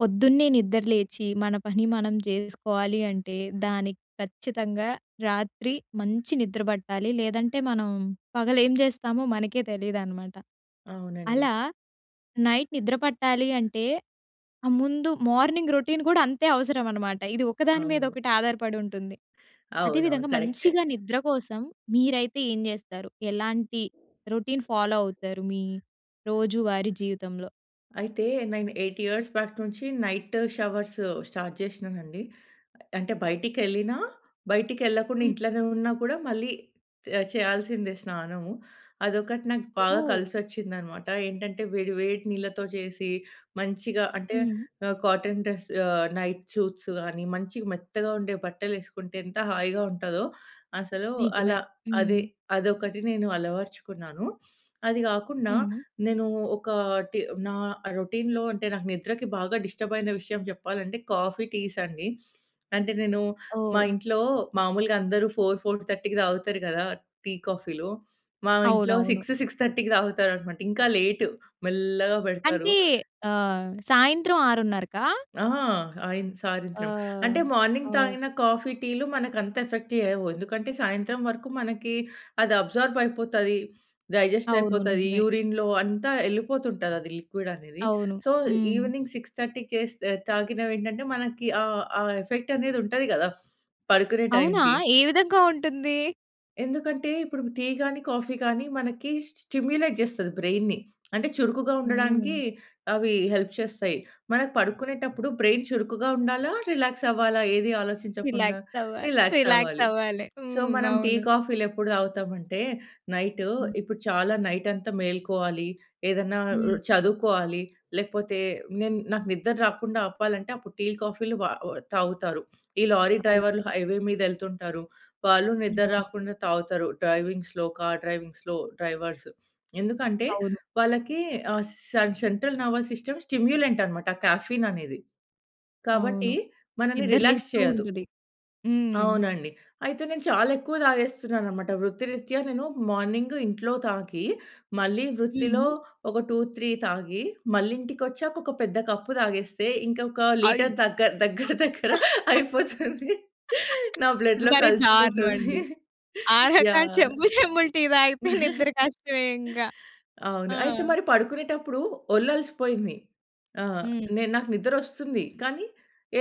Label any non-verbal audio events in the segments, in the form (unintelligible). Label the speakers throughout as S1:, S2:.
S1: పొద్దున్నే నిద్రలేచి, మన పని మనం చేసుకోవాలి అంటే, దానికి ఖచ్చితంగా రాత్రి మంచి నిద్ర పట్టాలి. లేదంటే, మనం పగలేం జేస్తామో మనకే తెలియదనమాట.
S2: అవునండి.
S1: అలా, నైట్ నిద్ర పట్టాలి అంటే, ఆహ్, ముందు మార్నింగ్ రొటీన్ గూడా అంతే అవసరమనమాట. ఇది ఒకదాని
S2: అవును.
S1: మీదొకటి ఆధారపడుంటుంది.
S2: అవునవును.
S1: అదేవిధంగా
S2: కరక్టే.
S1: మంచిగా నిద్ర కోసం మీరైతే ఏం జేస్తారు? ఎలాంటి రొటీన్ ఫాలో అవుతారు? మీ రోజువారీ జీవితంలో.
S2: అయితే, నేను 8 ఇయార్స్ బ్యాక్ నుంచి నైటు షవర్స్ స్టార్ట్ జేషినానండి. అంటే బయటికేళ్ళినా, బయటికేళ్ళకుండా
S1: హ్మ్.
S2: ఇంట్లోనే ఉన్నా కూడా మళ్ళీ తే చేయాల్సిందే స్నానము. అదొకటి నాకు బాగా
S1: ఓహ్!
S2: కలిసొచ్చిందనమాట. ఏంటంటే, వేడి వేడి నీళ్లతో చేసి, మంచిగా అంటే
S1: హ్మ్.
S2: ఆహ్, కాటన్ డ్రెస్ ఆహ్, నైట్ చూట్సు గానీ మంచిగ మెత్తగా ఉండే బట్టలేసుకుంటే, ఎంత హాయిగా ఉంటాదొ అసలు.
S1: నిజమే.
S2: అలా అది,
S1: హ్మ్.
S2: అదొకటి నేను అలవర్చుకున్నాను. అది గాకుండా
S1: హ్మ్.
S2: నేనూ ఒకాటి నా రొటిన్‌లో అంటే నాకు నిద్రకి బాగా డిస్టర్బయిన విషయం చెప్పాలంటే, కాఫీ, టీస్ అండి. అంటే నేను, మా
S1: ఓహ్!
S2: ఇంట్లో మాములుగా అందరూ 4:00, 4 :30కి తాగుతారు గదా, టీ, కాఫీ‌లు మా ఇంట్లో
S1: అవునవును.
S2: 6:00, 6:30కి తాగుతారనమాట. ఇంకా లేటు మెల్లగా బెడతారు.
S1: అంటే ఆహ్, సాయంత్రం 6:30కా
S2: ఆ! ఆయిన్
S1: ఆ!
S2: సాయంత్రం. అంటే, మార్నింగ్
S1: ఆ!
S2: తాగిన కాఫీ, టీ‌లు మనకంత ఎఫెక్ట్ చేయవు. ఎందుకంటే, సాయంత్రం వరకు మనకి, అది అబ్జార్బయిపోతది,
S1: అవును.
S2: డైజెస్టయిపోతది,
S1: నిజమే.
S2: యూరిన్‌లో అంతా ఎళ్ళిపోతుంటదది లిక్విడనేది.
S1: అవును.
S2: సో,
S1: హ్మ్.
S2: ఈవెనింగ్ 6:30కి చేస్తే ఆహ్, తాగినవేంటంటే మనకి ఆ ఆ ఎఫెక్టనేది ఉంటది గదా! పడుకునే
S1: అవునా!
S2: టైంకి.
S1: ఏ విధంగా ఉంటుందీ?
S2: ఎందుకంటే ఇప్పుడు టీ గాని, కాఫీ గాని మనకి స్టిమ్యులేట్ చేస్తది బ్రైన్‌ని. అంటే చురుకుగా
S1: హ్మ్.
S2: ఉండడానికి అవి హెల్ప్ చేస్తాయి. మనం పడుకునేటప్పుడు బ్రైన్ చురుకుగా ఉండాలా? రిలాక్స్ అవ్వాలా? ఏది ఆలోచించకుండా?
S1: రిలాక్స్ అవ్వాలి. (giggles)
S2: రిలాక్స్
S1: రిలాక్స్
S2: అవ్వాలి.
S1: అవ్వాలి.
S2: సో,
S1: హ్మ్.
S2: మనం టీ
S1: అవును.
S2: కాఫీలు ఎప్పుడు తాగుతాము అంటే నైట్,
S1: హ్మ్.
S2: ఇప్పుడు చాలా నైట్ అంతా మేలుకోవాలి, ఏదన్నా ఆహ్,
S1: హ్మ్.
S2: చదువుకోవాలి లేకపోతే నేను నాకు నిద్ర రాకుండా ఆపాలంటే అప్పుడు టీ కాఫీలు వా తాగుతారు. ఈ లారీ
S1: అవును.
S2: డ్రైవర్లు హైవే మీద వెళ్తుంటారు. వాళ్ళు నిద్ర
S1: హ్మ్. ఆ!
S2: రాకుండా తాగుతారు. డ్రైవింగ్స్‌లో, కార్ డ్రైవింగ్స్‌లో డ్రైవర్స్. ఎందుకంటే
S1: అవును.
S2: వాళ్ళకి ఆహ్, సెం సెంట్రల్ నెర్వస్ సిస్టమ్ స్టిమ్యులెంట్ అన్నమాట కెఫెయిన్ అనేది.
S1: అవును.
S2: కాబట్టి మనల్ని
S1: నిద్ర
S2: రిలాక్స్
S1: లేస్తూ
S2: చేయదు.
S1: ఉంటది. హ్మ్.
S2: అవునండి. అయితే నేను చాలా ఎక్కువ తాగేస్తున్నాను అన్నమాట. వృత్తిరీత్యా నేను మార్నింగ్, ఇంట్లో తాగి. మళ్ళీ వృత్తిలో
S1: హ్మ్.
S2: ఒక 2, 3 తాగి మళ్ళి ఇంటికి వచ్చాక ఒక పెద్ద కప్ తాగేస్తే, ఇంకొక లీటర్
S1: అయ్యో!
S2: దగ్గర దగ్గర దగ్గర
S1: (giggles)
S2: అయిపోతుంది.
S1: (laughs)
S2: నా
S1: ఇది
S2: బ్లడ్‌లో
S1: మరి దారుణం
S2: కలిసిపోతుంది.
S1: అండి. ఆ రకం
S2: యాహ్.
S1: చెంబు చెంబులు టీ తాగితే నిద్ర కష్టమే ఇంక.
S2: అవును.
S1: ఆ!
S2: అయితే మరి పడుకునేటప్పుడు ఒళ్లు అలిసిపోయింది. ఆహ్,
S1: హ్మ్.
S2: నేను నాకు నిద్ర వస్తుంది, కానీ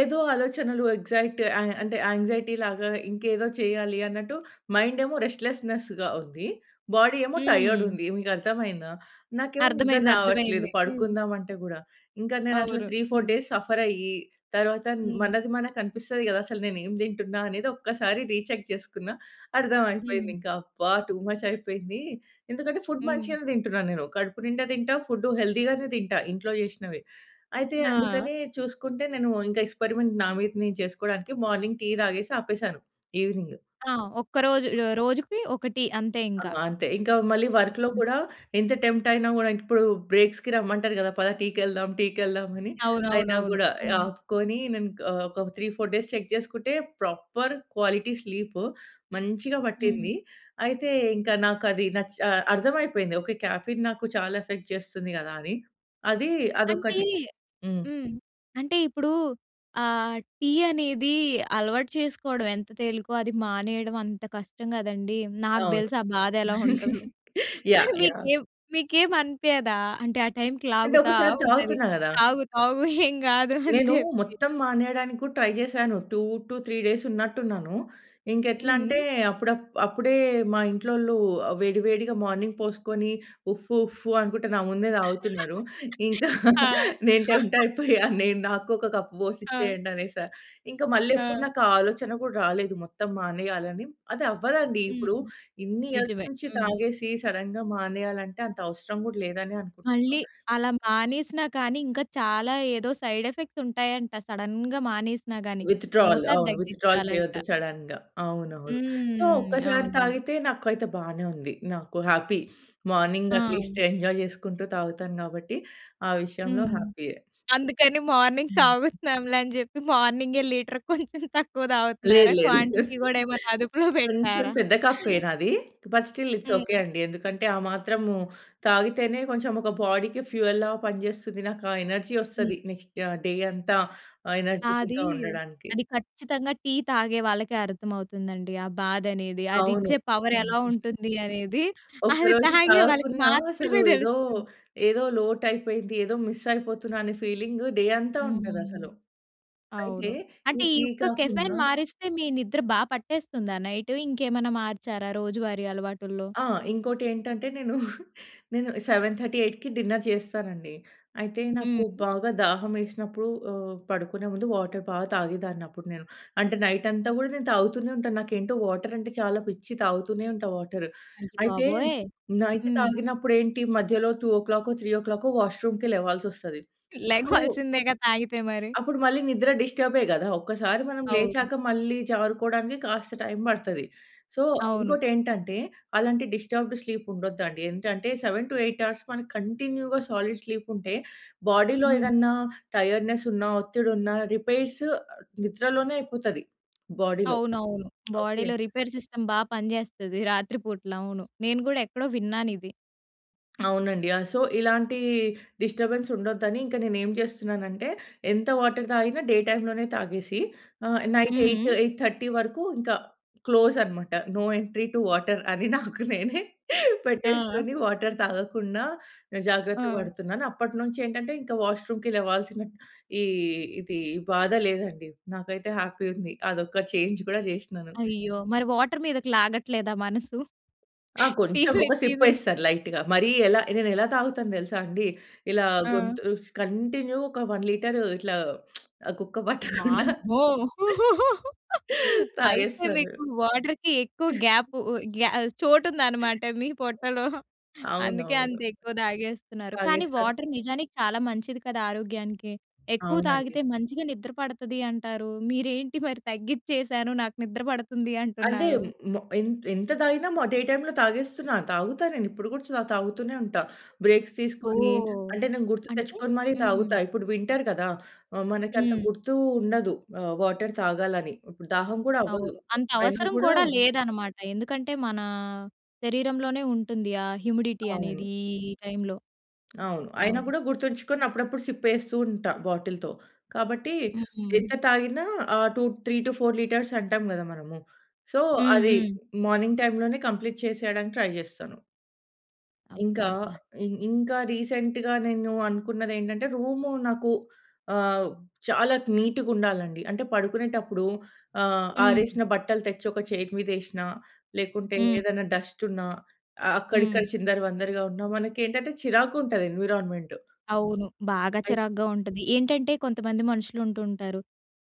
S2: ఏదో ఆలోచనలు ఎక్సైట్ ఆహ్, అంటే యాంక్సైటీలాగా, ఇంకేదో చేయాలి అన్నట్టు మైండ్ ఏమో రెస్ట్‌లెస్స్‌నెస్స్‌గా ఉంది. బాడీ ఏమో టైర్డ్
S1: హ్మ్.
S2: ఉంది. మీకు అర్థమయిందా. నాకేమో నిద్ర
S1: అర్ధమైంది. అర్థమైంది.
S2: రావట్లేదు
S1: హ్మ్.
S2: పడుకుందాం అంటే కూడా. ఇంకా నేను అట్లా
S1: అవును.
S2: 3, 4
S1: హ్మ్.
S2: డేస్ సఫర్ అయ్యి తర్వాత
S1: హ్మ్.
S2: మనది మనకి కనిపిస్తది కదా. అసలు నేను ఏమి తింటున్నా అనేది ఒక్కసారి రీచెక్ చేసుకున్న అర్థమైపోయింది
S1: హ్మ్.
S2: ఇంకా. అబ్బా! టూ మచ్ అయిపోయింది. ఎందుకంటే ఫుడ్
S1: హ్మ్.
S2: మంచిగానే తింటున్నాను, నేను కడుపు నిండా తింటా, ఫుడ్ హెల్తీగానే తింటా, ఇంట్లో చేసినవే. అయితే
S1: ఆ!
S2: అందుకనే చూసుకుంటే, నేను ఇంకా ఎక్స్‌పెరిమెంట్ నా మీద చేసుకోవడానికి మార్నింగ్ టీ తాగేసి ఆపేసాను. ఈవెనింగ్.
S1: ఆ! ఒక్క రోజు రోజుకి ఒక టీ. అంతే
S2: ఆ!
S1: ఇంకా.
S2: అంతే. ఇంకా మళ్ళి వర్క్‌లో
S1: హ్మ్.
S2: కూడా ఎంత టెంప్ట్ అయినా కూడా ఇప్పుడు బ్రేక్స్‌కి రమ్మంటారు కదా! పద టీకెళ్దాం, టీకెళ్దాం అని. అయినా
S1: అవునవునవును.
S2: కూడా
S1: హ్మ్.
S2: ఆపుకొని నేను ఆహ్, ఒక 3, 4 డేస్ చెక్ చేసుకుంటే, ప్రాపర్ క్వాలిటీ స్లీప్ మంచిగా
S1: హ్మ్.
S2: పట్టింది. అయితే ఇంక నాకు అది నచ్ అర్థం అయిపోయింది. ఓకే కెఫెయిన్ నాకు చాలా ఎఫెక్ట్ చేస్తుంది కదా అని. అది
S1: అంటే
S2: అదొక్కటి. హ్మ్.
S1: హ్మ్. అంటే ఇప్పుడు ఆహ్, టీ అనేది అలవాటు చేసుకోవడం ఎంత తేలికో అది మానేయడం అంత కష్టం కదండీ. నాకు
S2: అవును.
S1: తెలుసు ఆ బాధ ఎలా ఉంటుందో!
S2: (giggles) యాహ్!
S1: మరి
S2: యాహ్!
S1: మీకేం, మీకేం అనిపియదా? అంటే ఆ టైమ్‌కి
S2: అంటే
S1: లాగుతా
S2: ఒక్కసారి
S1: ఉంటది.
S2: తాగుతున్నా కదా!
S1: తాగు తాగు ఏం కాదు అని
S2: నేను
S1: చెప్పి.
S2: మొత్తం మానేయడానికి కూడా ట్రై చేశాను. 2-3 డేస్ ఉన్నట్టు ఉన్నాను. ఇంక ఎట్లా అంటే
S1: హ్మ్.
S2: అప్పుడు అప్పుడే మా ఇంట్లోలు వేడి వేడిగా మార్నింగ్ పోసుకొని, ఉఫ్ ఉఫ్ అనుకుంటే నా ముందే తాగుతున్నారు. ఇంకా
S1: ఆ!
S2: నేను టెంప్ట్ అయిపోయా, నేను నాకు ఒక కప్ పోసి
S1: ఆ!
S2: ఇచ్చేయండి అనేసా. ఇంకా మళ్ళీ ఎప్పుడు
S1: ఆ!
S2: నాకు ఆ ఆలోచన కూడా రాలేదు మొత్తం మానేయాలని. అది అవ్వదండి. ఇప్పుడు
S1: హ్మ్.
S2: ఇన్ని ఇయర్స్
S1: నిజమే.
S2: నుంచి
S1: హ్మ్.
S2: తాగేసి సడెన్‌గా మానేయాలంటే అంత అవసరం కూడా లేదనే అనుకుంటాను.
S1: మళ్ళీ అలా మానేసినా కానీ ఇంకా చాలా ఏదో సైడ్ ఎఫెక్ట్స్ ఉంటాయంట. సడెన్‌గా మానేసినా కానీ.
S2: విత్‌డ్రాల్.
S1: మోతాదు
S2: అవును విత్‌డ్రాల్
S1: తగ్గించాలంట.
S2: చేయొద్దు సడెన్‌గా, అవునవును. సో,
S1: హ్మ్.
S2: ఒక్కసారి
S1: అవునవును.
S2: తాగితే నాకైతే బానే ఉంది. నాకు హ్యాపీ. మార్నింగ్
S1: ఆ!
S2: అట్లీస్ట్ ఎంజాయ్ చేసుకుంటూ తాగుతాను కాబట్టి ఆ విషయంలో
S1: హ్మ్.
S2: హ్యాపీయే.
S1: అందుకని మార్నింగ్ తాగుతున్నాంలే అని చెప్పి మార్నింగ్ లీటర్‌కి కొంచెం తక్కువ
S2: లేదు.
S1: తాగుతున్నారా?
S2: లేదు.
S1: క్వాంటిటీ
S2: లేదు.
S1: కూడా ఏమైనా అదుపులో
S2: కొంచెం
S1: పెట్టరా?
S2: పెద్ద కప్పే నాది. బట్ స్టిల్ ఇట్స్ ఒకే
S1: హ్మ్.
S2: అండి. ఎందుకంటే ఆ మాత్రం తాగితేనే కొంచెం ఒక బాడీకి ఫ్యూయల్‌లాగా పనిచేస్తుంది. నాకు ఆ ఎనర్జీ
S1: నిజం.
S2: వస్తది. నెక్స్ట్ డే అంతా ఆహ్,
S1: ఆ! అది.
S2: ఎనర్జిటిక్‌గా ఉండడానికి.
S1: అది ఖచ్చితంగా టీ తాగే వాళ్ళకే అర్థమవుతుందండి. ఆ బాధ అనేది. అది
S2: అవును.
S1: ఇచ్చే పవర్ ఎలా ఉంటుంది అనేది. అది
S2: ఒకరోజు
S1: తాగే వాళ్ళకి
S2: తాగకున్నా అసలు
S1: మాత్రమే
S2: ఏదో
S1: తెలుస్తుంది.
S2: ఏదో లోటు అయిపోయిది. ఏదో మిస్ అయిపోతున్నా అనే ఫీలింగ్ డే అంతా ఉంటది
S1: హ్మ్.
S2: అసలు. అయితే
S1: అవును. అంటే
S2: ఈ
S1: ఈ
S2: టీ
S1: యుక్క
S2: కాకుండా
S1: కెఫెయిన్ మారిస్తే, మీ నిద్ర బా పట్టేస్తుందా నైట్? ఇంకేమన్నా మార్చారా రోజువారీ అలవాటుల్లో?
S2: ఆ! ఇంకోటి ఏంటంటే, నేను (giggles) నేను 7:30, 8:00కి డిన్నర్ చేస్తానండి. అయితే నాకు
S1: హ్మ్.
S2: బాగా దాహం వేసినప్పుడు ఆహ్, పడుకునే ముందు వాటర్ బాగా తాగేదాన్ని అప్పుడు నేను. అంటే నైట్ అంతా కూడా నేను తాగుతూనే ఉంటాను. నాకేంటో వాటర్ అంటే చాలా పిచ్చి. తాగుతూనే ఉంటా వాటర్.
S1: అయ్య
S2: అయితే
S1: బాబోయ్!
S2: నైట్
S1: హ్మ్.
S2: తాగినప్పుడు ఏంటి మధ్యలో 2:00కో, 3:00కో వాష్రూమ్‌కి లేవాల్సి వస్తది. అప్పుడు...
S1: లేగవలసిందే కదా! తాగితే మరి.
S2: అప్పుడు మళ్ళి నిద్ర డిస్టర్బే కదా! ఒక్కసారి మనం
S1: అవును.
S2: లేచాక మళ్ళీ జారుకోవడానికి కాస్త టైమ్ పడతది. సో,
S1: అవును.
S2: ఇంకోటి ఏంటంటే, అలాంటి డిస్టర్బ్‌డ్ స్లీప్ ఉండదు అండి. ఏంటంటే 7-8 అవర్స్ కంటిన్యూ‌గా సాలిడ్ స్లీప్ ఉంటే బాడీ‌లో
S1: హ్మ్.
S2: ఏదన్నా టైర్డ్‌నెస్ ఉన్న, ఒత్తిడి ఉన్న రిపేర్స్ నిద్రలోనే అయిపోతది బాడీలో.
S1: అవునవును.
S2: ఓకే.
S1: బాడీలో రిపేర్ సిస్టమ్ బాగా పనిచేస్తది రాత్రి పూటల. అవును. నేను కూడా ఎక్కడో విన్నాను ఇది.
S2: అవునండి. ఆహ్, సో, ఇలాంటి డిస్టర్బెన్స్ ఉండొద్దని ఇంకా నేనేం చేస్తున్నానంటే, ఎంత వాటర్ తాగినా డే టైమ్‌లోనే తాగేసి ఆహ్, నైట్
S1: హ్మ్,
S2: ఎయిట్,
S1: హ్మ్.
S2: ఎయిట్ థర్టీ వరకు ఇంకా క్లోజ్ అన్నమాట. నో ఎంట్రీ టు వాటర్ అని నాకు నేనే
S1: ఆ! ఆ!
S2: పెట్టేసుకొని, వాటర్ తాగకుండా జాగ్రత్త
S1: ఆ!
S2: పడుతున్నాను. అప్పటినుంచి ఏంటంటే, ఇంకా వాష్‌రూమ్‌కి లేవాల్సిన ఈ ఇది, ఈ బాధ లేదండి. నాకైతే హ్యాపీ ఉంది. అదొక చేంజ్ కూడా చేసినాను.
S1: అయ్యో! మరి వాటర్ మీదకి లాగట్లేదా మనసు.
S2: ఆ! కొంచెం.
S1: (chuckles)
S2: ఒక
S1: (unintelligible)
S2: సిప్పేస్తా లైట్‌గా. మరీ ఎలా నేనెలా తాగుతానో తెలుసా అండి. ఇలా
S1: ఆ!
S2: గొంతు స్ కంటిన్యూ ఒక 1 లీటరు ఇట్లా (smacks lips) గుక్క పట్టకుండా
S1: వామ్మో!
S2: (laughs)
S1: అయితే,
S2: తాగేస్తాను.
S1: మీకు వాటర్‌కి ఎక్కువ గ్యాప్
S2: (chuckles)
S1: ఉ ఉ గ్యా చోటు ఉందన్నమాట. మీ పొట్టలో. అందుకే
S2: అవునవును.
S1: అంత ఎక్కువ తాగేస్తున్నారు. కానీ,
S2: తాగేస్తారు.
S1: వాటర్ నిజానికి చాలా మంచిది కదా ఆరోగ్యానికి. ఎక్కువ
S2: అవునండి.
S1: తాగితే మంచిగా నిద్ర పడతది అంటారు. మీరేంటి మరి తగ్గిచేసాను, నాకు నిద్ర పడుతుంది
S2: అదే,
S1: అంటున్నారు.
S2: ము ఎం ఎంత తాగినా డే టైమ్‌లో తాగేస్తున్నా. తాగుతా. నేను ఇప్పుడు కూడా తాగుతూనే ఉంటా. బ్రేక్స్ తీసుకొని,
S1: ఓహ్!
S2: అంటే నేను గుర్తు
S1: అంటే?
S2: తెచ్చుకొని మరి
S1: హ్మ్.
S2: తాగుతా. ఇప్పుడు వింటర్ కదా! ఆహ్, మనకు అంత
S1: హ్మ్.
S2: గుర్తు ఉండదు. ఆహ్, వాటర్ తాగాలని ఇప్పుడు దాహం కూడా అవ్వదు.
S1: అవును. అంత
S2: అయినా
S1: అవసరం
S2: కూడా
S1: కూడా లేదన్నమాట. ఎందుకంటే మన, శరీరంలోనే ఉంటుంది. ఆహ్, హ్యూమిడిటీ
S2: అవును.
S1: అనేది ఈ టైమ్‌లో.
S2: అవును. అయినా
S1: అవును.
S2: కూడా గుర్తుంచుకొని అప్పుడప్పుడు సిప్పేస్తూ ఉంటా బాటిల్‌తో. కాబట్టి,
S1: హ్మ్.
S2: ఎంత తాగిన ఆహ్, టూ 3- 4 లీటర్స్ అంటాం కదా మనము. సో,
S1: హ్మ్.
S2: అది
S1: హ్మ్.
S2: మార్నింగ్ టైమ్‌లోనే కంప్లీట్ చేసేయడానికి ట్రై చేస్తాను. ఇంకా
S1: అబ్బబ్బా!
S2: ఇం ఇంకా రీసెంట్‌గా నేను అనుకున్నదేంటంటే, రూము నాకు ఆహ్, చాలా నీటుగుండాలండి. అంటే, పడుకునేటప్పుడు ఆహ్,
S1: హ్మ్.
S2: ఆరేసిన బట్టలు తెచ్చొక చైరు మీదేసినా, లేకుంటే
S1: హ్మ్.
S2: ఏదైనా డస్టున్నా అ అక్కడిక్కడ
S1: హ్మ్.
S2: చిందరవందరగా ఉన్నా, మనకేంటంటే చిరాకుంటది ఎన్వి‌రాన్‌మెంటు...
S1: అవును, బాగా
S2: అయ్
S1: చిరాగ్గా ఉంటది. ఏంటంటే కొంతమంది మనుషులుంటూంటారు.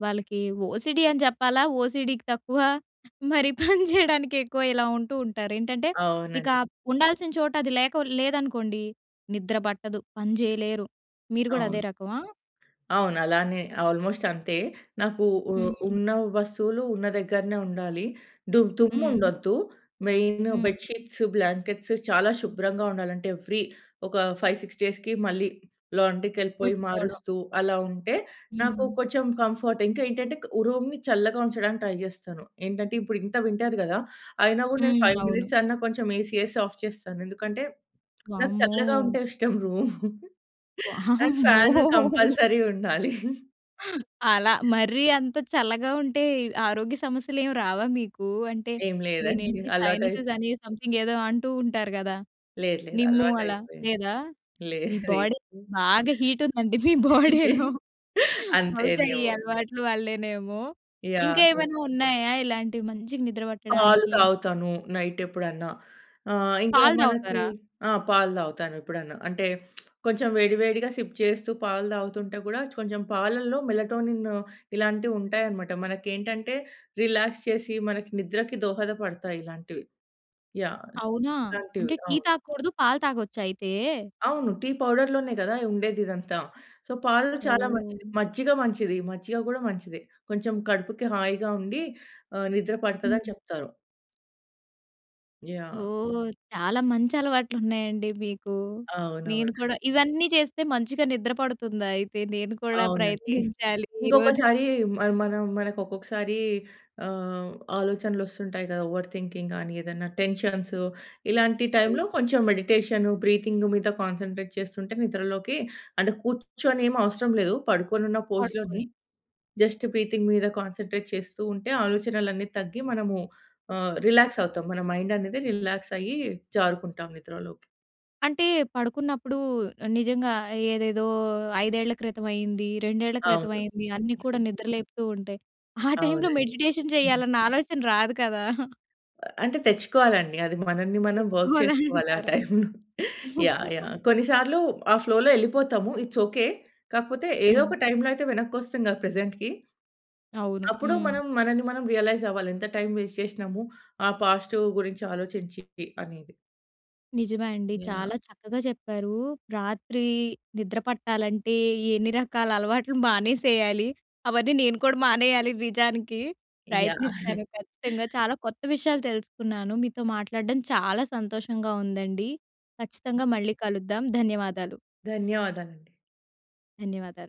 S1: వాళ్ళకి ఓసీడీ అని చెప్పాలా ఓసీడీ‌కి తక్కువ మరి పని చేయడానికెక్కువ ఇలా ఉంటూ ఉంటారేంటంటే, ఇక
S2: అవునండి.
S1: ఉండాల్సిన చోట అది లేక లేదనుకోండి, నిద్ర పట్టదు, పని చేయలేరు, మీరు కూడా అదే
S2: అవును.
S1: రకమా?
S2: అవునలానే అల్‌మోస్టంతే. నాకు ఉ
S1: హ్మ్.
S2: ఉన్న వస్తువులు ఉన్న దగ్గరనే ఉండాలి. దు
S1: హ్మ్.
S2: దుమ్ముండొద్దు. మెయిను
S1: హ్మ్.
S2: బెడ్‌షీట్స్, బ్లాంకెట్స్ చాలా శుభ్రంగా ఉండాలంటే, ఎవ్రీ ఒక 5, 6 డేస్‌కి మళ్ళీ లాండ్రీకెళ్ళిపోయి
S1: ఉతుక్కోడం.
S2: మారుస్తూ అలా ఉంటే, నాకు
S1: హ్మ్.
S2: కొంచెం కంఫర్ట్. ఇంకా ఏంటంటే క్ ఓహ్, రూమ్‌ని చల్లగా ఉంచడానికి ట్రై జేస్తాను. ఏంటంటే, ఇప్పుడు ఇంత వింటర్ గదా, అయినా గూడా నేను
S1: హ్మ్.
S2: 5
S1: అవును.
S2: మినిట్స్ అన్నా కొంచెం ఏసీ ఏసి ఆఫ్ చేస్తాను. ఎందుకంటే (smacks lips) నాకు
S1: వామ్మో!
S2: చల్లగా ఉంటే ఇష్టం రూము. అండ్
S1: వామ్మో!
S2: ఫ్యాను కంపల్సరీ ఉండాలి.
S1: (chuckles) అలా మరీ అంత చల్లగా ఉంటే, ఆరోగ్య సమస్యలేమి రావా మీకూ? అంటే,
S2: ఏం లేదండి,
S1: దినేంటి, సైనసెస్
S2: అలవాటైపో
S1: అని సమ్‌థింగేదో అంటూ ఉంటారు గదా!
S2: లేదు. లేదు.
S1: నిమ్ము అలా,
S2: అల్వాటయిపోయింది.
S1: లేదా? మీ
S2: లేది
S1: బాడీ బాగా హీటుందండి మీ బాడీలో.
S2: (giggles)
S1: బహుశా ఈ
S2: అంతేనేమో!
S1: అలవాట్లు వల్లేనేమో.
S2: యాహ్!
S1: ఇంకా
S2: అదే.
S1: ఏమైనా ఉన్నాయా, ఇలాంటివి మంచిగ నిద్ర
S2: పాలు
S1: పట్టడానికి?
S2: తాగుతాను. నైటెప్పుడన్నా. ఆహ్, ఇంకా
S1: పాలు
S2: మనకి
S1: తాగుతారా?
S2: ఆ! పాలు తాగుతాను ఎప్పుడన్నా. అంటే, (smacks lips) కొంచెం వేడి, వేడిగా సిప్ చేస్తూ పాలు తాగుతుంటే కూడా, కొంచెం పాలలో మెలటోనిన్ను ఇలాంటివి ఉంటాయనమాట. మనకేంటంటే రిలాక్స్ చేసి, మనకి నిద్రకి దోహదపడతాయి ఇలాంటివి. యాహ్! సొ,
S1: అవునా!
S2: ఇలాంటివి,
S1: అంటే టీ
S2: అవును.
S1: తాగకూడదు పాలు తాగొచ్చయితే?
S2: అవును. టీ పౌడర్‌లోనే గదా ఉండేదిదంతా. సో, పాలు చాలా మంచిది,
S1: ఓహ్!
S2: మజ్జిగ మంచిది, మజ్జిగ గూడా మంచిదే. కొంచెం కడుపుకి హాయిగా ఉండి ఆహ్, నిద్ర పడతదని
S1: హ్మ్.
S2: చెప్తారు. యాహ్!
S1: ఓహ్! చాలా మంచి అలవాట్లున్నాయండి మీకు.
S2: అవునవును.
S1: నేను కూడా ఇవన్నీ చేస్తే మంచిగా నిద్ర పడుతుందా అయితే? నేను కూడా ప్రయత్నించాలి
S2: అవునండి.
S1: (chuckles) ఈరోజు.
S2: ఇంకొకసారీ మ మనం మనక్కొక్కసారి ఆహ్, ఆలోచనలొస్తుంటాయి కదా! ఓవర్ థింకింగ్ కానీ, ఏదన్నా టెన్షన్సు. ఇలాంటి
S1: అవును.
S2: టైమ్‌లో కొంచం మెడిటేషను, బ్రీతింగు మీద కాన్సంట్రేట్ చేస్తుంటే, నిద్రలోకి అంటే, కూర్చొనేమి అవసరం లేదు, పడుకొనున్న పోజ్‌లోనే
S1: పడుకొని.
S2: జస్ట్ బ్రీతింగ్ మీద కాన్సంట్రేట్ చేస్తూ ఉంటే. ఆలోచనలన్ని తగ్గి మనము ఆహ్, రిలాక్సవుతాం. మన మైండనేది రిలాక్సయ్యీ జారుకుంటాం నిద్రలోకి.
S1: అంటే, పడుకున్నప్పుడూ ఆహ్, నిజంగా ఏదేదో 5 క్రితం అయింది, రెండేళ్ళ క్రితం
S2: అవును.
S1: అయింది అన్నీ కూడా
S2: (giggles)
S1: నిద్ర లేపుతూ ఉంటయి. (chuckles) ఆ టైమ్‌లో
S2: అవునండి.
S1: మెడిటేషన్ చెయ్యాలన్న ఆలోచన రాదు కదా?
S2: అంటే, తెచ్చుకోవాలండి. అది మనన్ని మనం వర్క్ చేసుకోవాలి ఆ
S1: తెచ్చుకోవాలంటారా?
S2: టైమ్‌లో. యాహ్!
S1: (chuckles)
S2: యాహ్! కొన్ని సార్లు ఆ ఫ్లో‌లో యెళ్ళిపోతాము. It's okay. కాకపోతే, ఏదో
S1: హ్మ్.
S2: ఒక టైమ్‌లో అయితే వెనక్కొస్తాంగా ప్రెజెంట్‌కి.
S1: అవును.
S2: (swallows) అప్పుడు
S1: హ్మ్.
S2: మనం మనన్ని మనం రియలైజవ్వాలి ఎంత టైమ్ వేస్ట్ చేషినము, ఆ పాస్టూ గురించి ఆలోచించీ అనేది.
S1: నిజమే అండి.
S2: యాహ్!
S1: చాలా చక్కగా చెప్పారు. రాత్రీ నిద్ర పట్టాలంటే, ఎన్ని రకాల అలవాట్లు మానేసెయ్యాలి, అవన్నీ నేను కూడా మానెయ్యాలి నిజానికి.
S2: యాహ్!
S1: ప్రయత్నిస్తాను ఖచ్చితంగా. చాలా కొత్త విషయాలు తెలుసుకున్నాను. మీతో మాట్లాడడం చాలా సంతోషంగా ఉందండి. ఖచ్చితంగా మళ్ళీ కలుద్దాం. ధన్యవాదాలు.
S2: ధన్యవాదాలండి.
S1: ధన్యవాదాలు.